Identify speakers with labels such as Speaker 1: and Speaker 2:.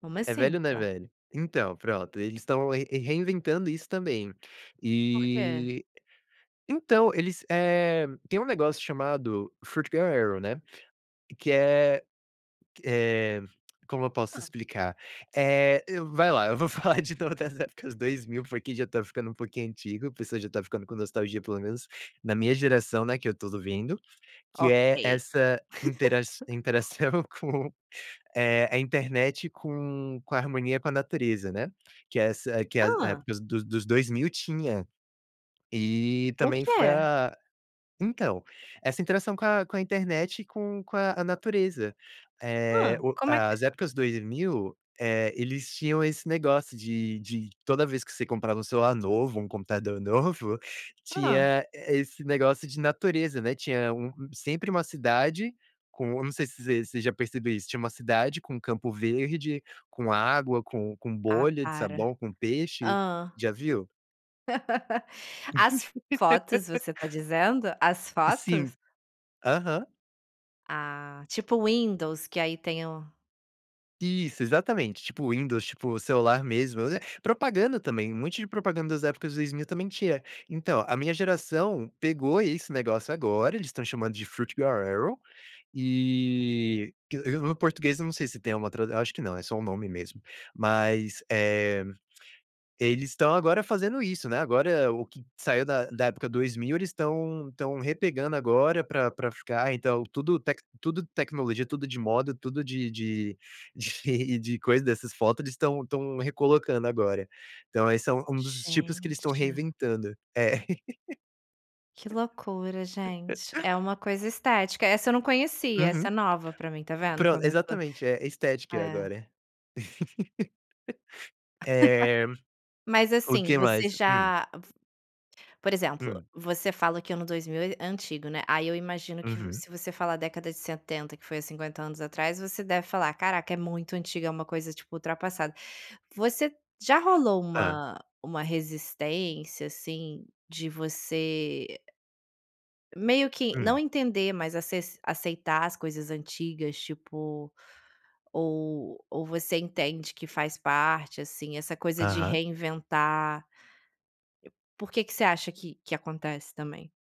Speaker 1: Como
Speaker 2: É velho
Speaker 1: assim?
Speaker 2: ou não é velho? Então, pronto, eles estão re reinventando isso também.
Speaker 1: Por quê?
Speaker 2: E, então eles, eh, tem um negócio chamado foot girls erin, né, que é eh, como eu posso
Speaker 1: Hã.
Speaker 2: explicar? Eh, eu vai lá, eu vou falar de todas as épocas 2000, porque já tá ficando um pouquinho antigo, a pessoa já tá ficando com nostalgia, pelo menos na minha geração, né, que eu tô vivendo. Que
Speaker 1: Ok.
Speaker 2: é essa interaç interação com, eh, a internet com com a harmonia com a natureza, né, que é essa que a
Speaker 1: Hã!
Speaker 2: época dos dos 2000 tinha, e
Speaker 1: O
Speaker 2: também foi
Speaker 1: quê?
Speaker 2: a então, essa interação com a com a internet e com com a a natureza. Eh,
Speaker 1: Hã,
Speaker 2: o
Speaker 1: como que
Speaker 2: as épocas 2000, eh, eles tinham esse negócio de de toda vez que você comprava um celular novo, um computador novo,
Speaker 1: Hã.
Speaker 2: tinha esse negócio de natureza, né. Tinha um sempre uma cidade com eu não sei se você você já percebeu isso, tinha uma cidade com um campo verde, com água, com com
Speaker 1: Ah,
Speaker 2: bolha de
Speaker 1: para.
Speaker 2: sabão, com peixe.
Speaker 1: Hã.
Speaker 2: Já viu?
Speaker 1: As fotos, você tá dizendo? As
Speaker 2: Sim.
Speaker 1: fotos?
Speaker 2: Aham.
Speaker 1: Ah, tipo Windows, que aí tem o
Speaker 2: Isso, exatamente, tipo Windows, tipo celular mesmo, propaganda também, um monte de propaganda das épocas 2000 também tinha. Então, a minha geração pegou esse negócio agora, eles estão chamando de foot girls erin, e que o o português, eu não sei se tem uma tradu eu acho que não, é só um nome mesmo. Mas, eh, eles estão agora fazendo isso, né, agora o que saiu da da época 2000, eles estão estão repegando agora, pra pra ficar, então, tudo tec tudo tecnologia, tudo de moda, tudo de de de de coisa, dessas foto, eles estão estão recolocando agora. Então esse é um um dos tipos que eles estão
Speaker 1: Gente.
Speaker 2: reinventando. É.
Speaker 1: Que loucura, gente. É uma coisa estética. Essa eu não conhecia,
Speaker 2: Uhum.
Speaker 1: essa é nova pra mim. Tá vendo
Speaker 2: Pron
Speaker 1: como eu tô
Speaker 2: exatamente, é estética
Speaker 1: É.
Speaker 2: agora. Eh,
Speaker 1: Mas
Speaker 2: o
Speaker 1: assim,
Speaker 2: que mais?
Speaker 1: você
Speaker 2: Hum.
Speaker 1: já f por exemplo,
Speaker 2: Hum.
Speaker 1: você fala que ano 2000 é é antigo, né, aí eu imagino que,
Speaker 2: Uhum.
Speaker 1: se você falar década de 70, que foi há 50 anos atrás, você deve falar: "Caraca, é muito antiga, é uma coisa, tipo, ultrapassada". Você já rolou
Speaker 2: Hã.
Speaker 1: uma uma resistência, assim, de você meio que não
Speaker 2: Hum.
Speaker 1: entender, mas aces aceitar as coisas antigas, tipo ou ou você entende que faz parte, assim, essa coisa de
Speaker 2: Aham.
Speaker 1: reinventar. Por que que você acha que que acontece também?